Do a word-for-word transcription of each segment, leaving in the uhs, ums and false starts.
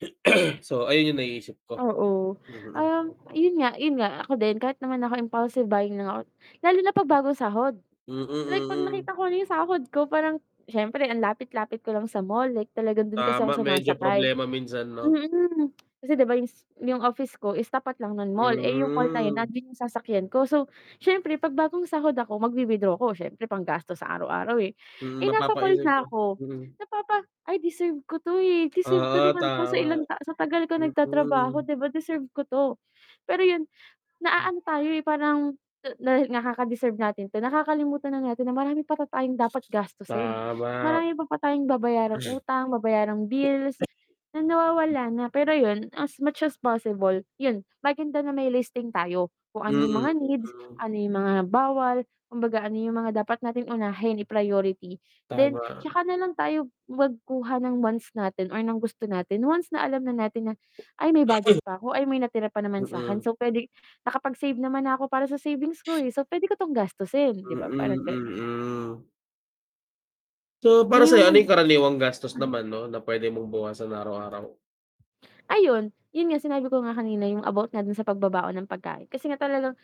So, ayun yung naiisip ko. Oo, Mm. um, 'yun nga 'yun nga ako din kahit naman ako impulsive buying lang ako lalo na 'pag bagong sahod. Mm. Like 'pag nakita Mm. ko na 'yong sahod ko parang, siyempre ang lapit-lapit ko lang sa mall like talagang dun kasi ako Tama, medyo sumasakay, problema minsan, 'no. mm, kasi 'di ba yung s office ko is tapat lang nun mall, eh, 'yung mall Mhm. nandun yung sasakyan ko so, siyempre 'pag bagong sahod ako mag-wi-withdraw ko siyempre panggastos sa araw-araw, eh. Hmm, Eh, nasa mall mapapaisip na ka ko Mm. napapa ay deserve ko 'to, eh, deserve ko Ah, naman 'to sa tama. ilang ta sa tagal ko nagtatrabaho Mm. 'di ba, deserve ko 'to. Pero 'yun, M naaano tayo, eh, parang na na kakadeserve natin 'to nakakalimutan na natin na marami pala tayong dapat gastusin, Tama. marami pala tayong babayarang Hmm. utang, babayarang bills, na nawawala na, pero 'yun, as much as possible 'yun, maganda na may listing tayo, kung ano yung Mm. mga needs, Mm. ano yung mga bawal, kumbaga ano yung mga dapat nating unahin, i-priority then Tama. 'tsaka na lang tayo, magkuha ng wants natin or ng gusto natin once na alam na natin na, ay may budget pa ako, ay may natira pa naman sa'kin, Mm. so pwede nakapag-save naman na ko para sa savings ko, eh, so pwede ko tong gastusin, 'di ba? Mm. Parang ganon. Mm. So, para sayo ano yung karaniwang gastos [unintelligible] naman 'no, na pwede mong bawasan araw-araw? Ayun, 'yun nga sinabi ko nga kanina yung about nga dun sa pagbabaon ng pagkain kasi nga talagang,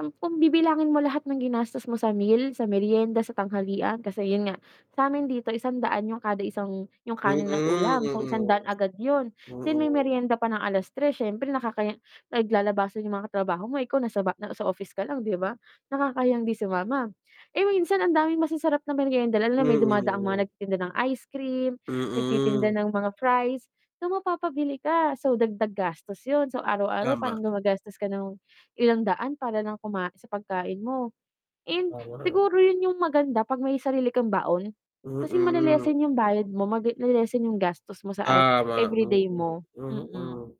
um, kung bibilangin mo lahat ng ginastos mo sa meal, sa merienda, sa tanghalian kasi 'yun nga, sa'min dito Isang daan 'yon kada isang, 'yong Mm, kanin at ulam so Mm, isang daan agad 'yon, then may mm. meryenda pa ng alas tres siyempre nakakahiya naglalabasan 'yong mga trabaho mo ikaw nasa ba nasa nasa office ka lang, 'di ba? nakakahiyang 'di sumama, eh, minsan ang daming masasarap na meryenda, lalo na may dumadaang mga Mm. nagtitinda ng ice cream, nagtitinda Mm. ng mga fries, so mapapabili ka, so dagdag gastos 'yun, so araw-araw Tama. parang gumagastos ka ng ilang daan para lang kumain sa pagkain mo, and Tama. siguro 'yun yung maganda 'pag may sarili kang baon, kasi Mm. male-lessen yung bayad mo, mag nale-lessen yung gastos mo sa ev Tama, everyday mo. Mm. Mm. Mm.